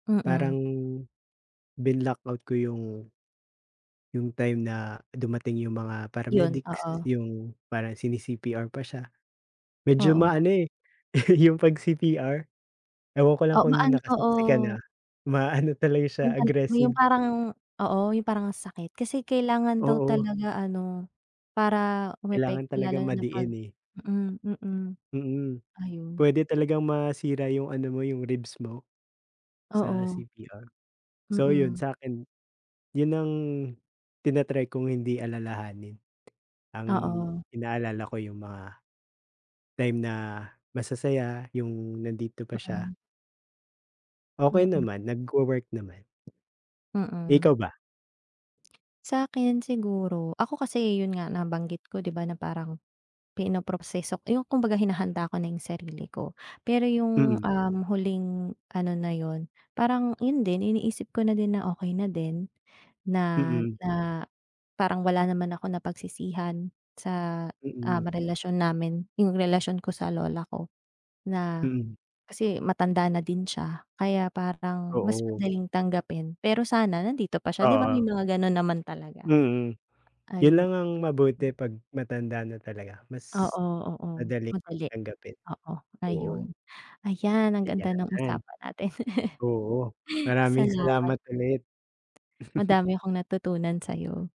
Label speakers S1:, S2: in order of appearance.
S1: Mm.
S2: Parang binlock-out ko yung yung time na dumating yung mga
S1: 'Yon,
S2: paramedics,
S1: oo.
S2: yung parang sini-CPR pa siya, medyo
S1: Oo.
S2: maano, eh, yung 'pag CPR. Ewan ko lang
S1: Oo, ma
S2: kung
S1: an
S2: naka-saksi ka na
S1: oo.
S2: ma-ano talaga siya
S1: Yung pang yung
S2: aggressive.
S1: parang oo yung parang ang sakit kasi kailangan daw
S2: Oo.
S1: talaga ano para
S2: Kailangan
S1: umepekto lalo
S2: talagang
S1: na pag,
S2: madiin, eh.
S1: mm, mm.
S2: Mm.
S1: Ayun.
S2: Puwede talagang masira yung ano mo yung ribs mo, sa
S1: Oo.
S2: CPR, so, 'yon.
S1: Mm.
S2: Sa'kin 'yon ang ti-na-try kong hindi alalahanin ang
S1: Oo.
S2: inaalala ko yung mga, time na masasaya yung nandito pa siya.
S1: Mhm.
S2: Okey
S1: Mm.
S2: naman, nagwo-work naman.
S1: Mm.
S2: Ikaw ba?
S1: Sa'kin siguro ako kasi, 'yon nga nabanggit ko di ba, na parang pinoproseso yung kumbaga hinahanda ko na yung sarili ko. Pero yung,
S2: Mm.
S1: um, huling ano na 'yon parang 'yon din iniisip ko na din na okey na din na,
S2: Mm.
S1: na parang wala naman ako napagsisihan sa, um,
S2: Mm.
S1: relasyon namin, yung relasyon ko sa lola ko na
S2: Mm.
S1: kasi matanda na din siya kaya parang mas
S2: Oo.
S1: madaling tanggapin. Pero sana nandito pa siya di ba,
S2: Oo.
S1: may mga gano'n naman talaga.
S2: Mm. 'Yon
S1: Ayun.
S2: lang ang mabuti 'pag matanda na talaga mas
S1: Oo, oo,
S2: madaling
S1: madali.
S2: tanggapin,
S1: Oo, ayun,
S2: oo.
S1: ayan ang ganda ng
S2: Ayan.
S1: usapan natin.
S2: Oo, maraming
S1: Salamat.
S2: salamat ulit.
S1: Madami akong natutunan sayo.